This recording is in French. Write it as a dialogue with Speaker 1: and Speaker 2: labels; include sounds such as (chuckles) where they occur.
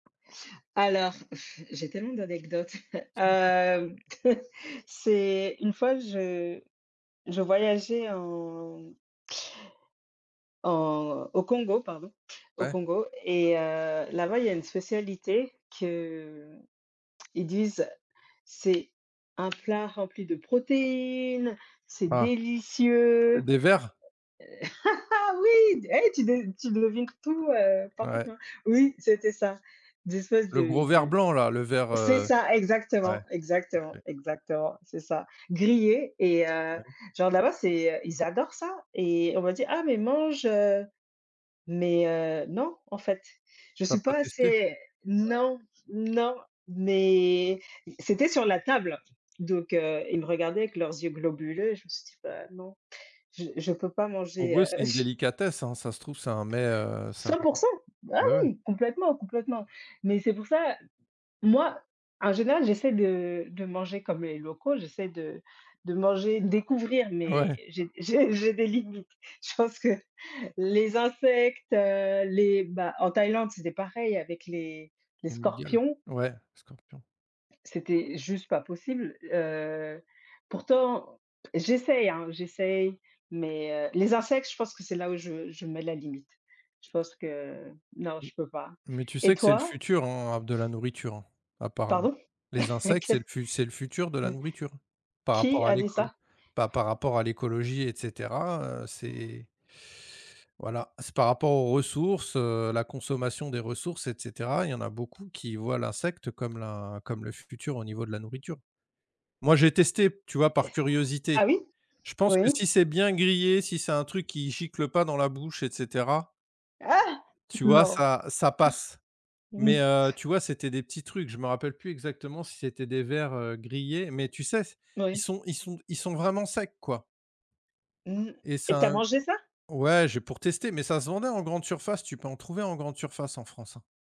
Speaker 1: Alors, (blows air) j'ai tellement d'anecdotes, heu
Speaker 2: Mmh mh.
Speaker 1: hem, (chuckles) c'est une fois, je je voyageais en en au Congo, pardon, au
Speaker 2: Ouais.
Speaker 1: Congo et heu, là-bas, il y a une spécialité qu'ils disent: «C'est un plat rempli de protéines! C'est
Speaker 2: Ah! D
Speaker 1: délicieux!».
Speaker 2: des vers?
Speaker 1: (laughs) Oui et tu tu devines tout, heu,
Speaker 2: Ouais.
Speaker 1: parfaitement. Oui, c'était ça! D'espèce
Speaker 2: Le
Speaker 1: de
Speaker 2: gros vers
Speaker 1: de
Speaker 2: blanc-là, le vers,
Speaker 1: c'est
Speaker 2: heu?
Speaker 1: ça,
Speaker 2: Ouais.
Speaker 1: exactement, exactement,
Speaker 2: OK.
Speaker 1: exactement, c'est ça, grillés et heu,
Speaker 2: Ouais.
Speaker 1: genre, là-bas, c'est, heu, ils adorent ça et on m'a dit: «Ah! Mais mange!», heu, mais heu, non, en fait, je
Speaker 2: Tu as
Speaker 1: suis
Speaker 2: pas
Speaker 1: pas
Speaker 2: testé?
Speaker 1: assez
Speaker 2: Ouais.
Speaker 1: non, non, mais c'était sur la table, donc heu, ils me regardaient avec leurs yeux globuleux et je me suis dit: «Bah, non, je je peux pas
Speaker 2: En
Speaker 1: manger!»,
Speaker 2: gros,
Speaker 1: heu,
Speaker 2: c'est une
Speaker 1: ch
Speaker 2: délicatesse, hein. Ça se trouve, c'est un met, heu, c'est un
Speaker 1: 100 %! Ah
Speaker 2: ouais, ouais.
Speaker 1: oui! Complètement, complètement mais c'est pour ça, moi, en général, j'essaie de de manger comme les locaux, j'essaie de de manger, de découvrir mais
Speaker 2: Ouais!
Speaker 1: j'ai j'ai j'ai des limites. Je pense que les insectes, heu, les, bah, en Thaïlande, c'était pareil avec les les
Speaker 2: Les mygales?
Speaker 1: scorpions.
Speaker 2: Ouais, scorpions.
Speaker 1: C'était juste pas possible, heu, pourtant, j'essaie, hein, j'essaie mais, heu, les insectes, je pense que c'est là où je je mets la limite. Je pense que non,
Speaker 2: M
Speaker 1: je peux pas
Speaker 2: mais tu
Speaker 1: et
Speaker 2: sais que c'est le
Speaker 1: toi?
Speaker 2: futur, hein, à de la nourriture, hein, apparemment,
Speaker 1: Pardon?
Speaker 2: les
Speaker 1: (chuckles)
Speaker 2: insectes,
Speaker 1: Qu
Speaker 2: c'est l c'est le futur de la
Speaker 1: (chuckles)
Speaker 2: nourriture par
Speaker 1: qui
Speaker 2: rapport à
Speaker 1: a dit
Speaker 2: l'écolo
Speaker 1: ça?
Speaker 2: pa par rapport à l'écologie et cetera, heu, c'est voilà. C'est par rapport aux ressources, heu, la consommation des ressources et cetera. Il y en a beaucoup qui voient l'insecte comme la comme le futur au niveau de la nourriture. Moi, j'ai testé, tu vois,
Speaker 1: Eh.
Speaker 2: par curiosité.
Speaker 1: Ah oui,
Speaker 2: Je pense que
Speaker 1: oui.
Speaker 2: si c'est bien grillé, si c'est un truc qui gicle pas dans la bouche et cetera
Speaker 1: Ah!
Speaker 2: tu vois?
Speaker 1: Non.
Speaker 2: Ça ça passe,
Speaker 1: Mmh
Speaker 2: mais
Speaker 1: mh.
Speaker 2: heu, tu vois, c'était des petits trucs, je me rappelle plus exactement si c'était des vers, heu, grillés mais tu sais s ils
Speaker 1: Oui.
Speaker 2: sont ils sont ils sont vraiment secs, quoi.
Speaker 1: Mmh
Speaker 2: Et
Speaker 1: et tu as
Speaker 2: ça a un
Speaker 1: mangé ça?
Speaker 2: ouais, j'ai pour tester mais ça se vendait en grande surface, tu peux en trouver en grande surface en France, hein.